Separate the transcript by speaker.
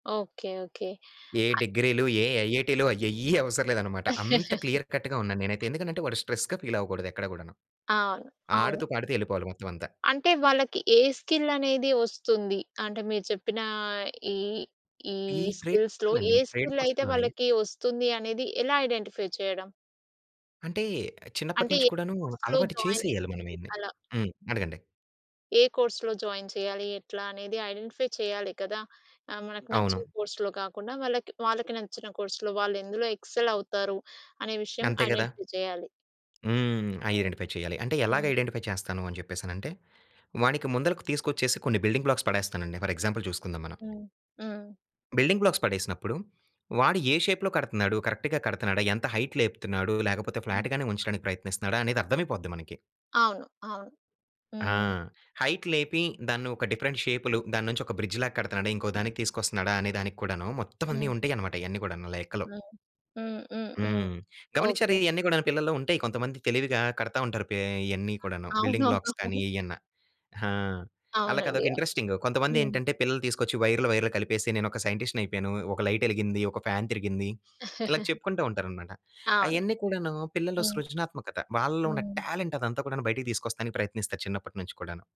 Speaker 1: Okay, okay.
Speaker 2: ఏ డిగ్రీలు, ఏ ఐఐటీ‌లు అయెయ్యి అవసరం లేదు అన్నమాట. అంత క్లియర్ కట్‌గా ఉన్నా నేనైతే. ఎందుకంటే వాడు స్ట్రెస్‌గా ఫీల్ అవ్వకూడదు ఎక్కడ గుడాను.
Speaker 1: అవును, అవును.
Speaker 2: ఆడుతూ పాడుతూ వెళ్ళిపోవాలి మొత్తం అంతా.
Speaker 1: అంటే వాళ్ళకి ఏ స్కిల్ అనేది వస్తుంది? అంటే మీరు చెప్పిన ఈ ఈ
Speaker 2: ఈ ట్రేడ్
Speaker 1: స్కిల్స్‌లో
Speaker 2: కోర్స్‌లండి.
Speaker 1: ఏ
Speaker 2: ఈ ట్రేడ్
Speaker 1: స్కిల్
Speaker 2: కోర్స్‌
Speaker 1: అయితే
Speaker 2: లోనే.
Speaker 1: వాళ్ళకి వస్తుంది అనేది, ఎలా ఐడెంటిఫై చేయడం?
Speaker 2: అంటే, చిన్నప్పటి
Speaker 1: అంటే,
Speaker 2: నుంచి
Speaker 1: ఏ
Speaker 2: కూడాను
Speaker 1: కోర్స్‌లో
Speaker 2: అలవాటు
Speaker 1: జాయిన్ చెయ్యడం?
Speaker 2: చేసేయాలి మనం ఇవ్వన్నీ.
Speaker 1: అలా.
Speaker 2: హ్మ్. అడగండి.
Speaker 1: ఏ కోర్స్‌లో జాయిన్ చేయాలి? ఎట్లా అనేది ఐడెంటిఫై చేయాలి కదా! ఆహ్, మనకు
Speaker 2: అవును.
Speaker 1: నచ్చిన కోర్సులో కాకుండా వాళ్ళకి, వాళ్ళకి నచ్చిన కోర్సులో వాళ్ళు ఎందులో ఎక్సెల్ అవుతారు? అనే విషయం
Speaker 2: అంతే కదా!
Speaker 1: ఐడెంటిఫై చేయాలి.
Speaker 2: హ్మ్.
Speaker 1: హ్మ్,
Speaker 2: ఐడెంటిఫై చేయాలి. అంటే ఎలాగా
Speaker 1: హ్మ్.
Speaker 2: ఐడెంటిఫై చేస్తాను అని చెప్పేసనంటే, వానికి ముందలకి తీసుకొచ్చేసి కొన్ని బిల్డింగ్ బ్లాక్స్ పడేస్తానండి. ఫర్ ఎగ్జాంపుల్ చూసుకుందాం మనం.
Speaker 1: హ్మ్, హ్మ్.
Speaker 2: బిల్డింగ్ బ్లాక్స్ పడేసినప్పుడు, వాడు ఏ షేప్‌లో కడుతున్నాడు? కరెక్ట్‌గా కడుతున్నాడా? ఎంత హైట్ లేపుతున్నాడు? లేకపోతే
Speaker 1: హ్మ్.
Speaker 2: ఫ్లాట్‌గానే ఉంచడానికి ప్రయత్నిస్తున్నాడా? అనేది అర్థమైపోద్ది మనకి.
Speaker 1: అవును, అవును.
Speaker 2: ఆ!
Speaker 1: హ్మ్.
Speaker 2: హైట్ లేపి దాన్ని ఒక డిఫరెంట్ షేప్‌లో దాని నుంచి ఒక బ్రిడ్జ్ లాగా కడుతున్నాడా? ఇంకో దానికి తీసుకొస్తున్నాడా? అనే దానికి కూడాను, మొత్తం అన్ని
Speaker 1: హ్మ్.
Speaker 2: ఉంటాయి అన్నమాట, ఇయన్నీ కూడా లెక్కలో.
Speaker 1: హ్మ్. హుహుహు.
Speaker 2: హ్మ్. గమనించారా?
Speaker 1: ఓకె.
Speaker 2: ఇయన్నీ కూడాను పిల్లల్లో ఉంటాయి, కొంతమంది తెలివిగా కడతా ఉంటారు పే ఇయన్నీ కూడాను బిల్డింగ్ బ్లాక్స్
Speaker 1: అవునవును.
Speaker 2: కానీ ఇయన్న. ఆ! ఆళ్ళకి
Speaker 1: అవునండి,
Speaker 2: అదొక
Speaker 1: అవును.
Speaker 2: ఇంట్రెస్టింగ్. కొంతమంది
Speaker 1: హ్మ్.
Speaker 2: ఏంటంటే పిల్లల్ని తీసుకొచ్చి వైర్లు, వైర్లు కలిపేసి నేను ఒక సైంటిస్ట్‌ని అయిపోయాను. ఒక లైట్ ఎలిగింది, ఒక ఫ్యాన్ తిరిగింది, ఇలా చెప్పుకుంటూ ఉంటారన్నమాట.
Speaker 1: అవును.
Speaker 2: అయన్నీ కూడాను పిల్లల్లో
Speaker 1: హ్మ్.
Speaker 2: సృజనాత్మకత. వాళ్ళలో ఉన్న
Speaker 1: హ్మ్.
Speaker 2: టాలెంట్ అదంతా గుడాను బయటికి తీసుకొస్తానికి ప్రయత్నిస్తారు, చిన్నప్పట్నుంచి కుడాను.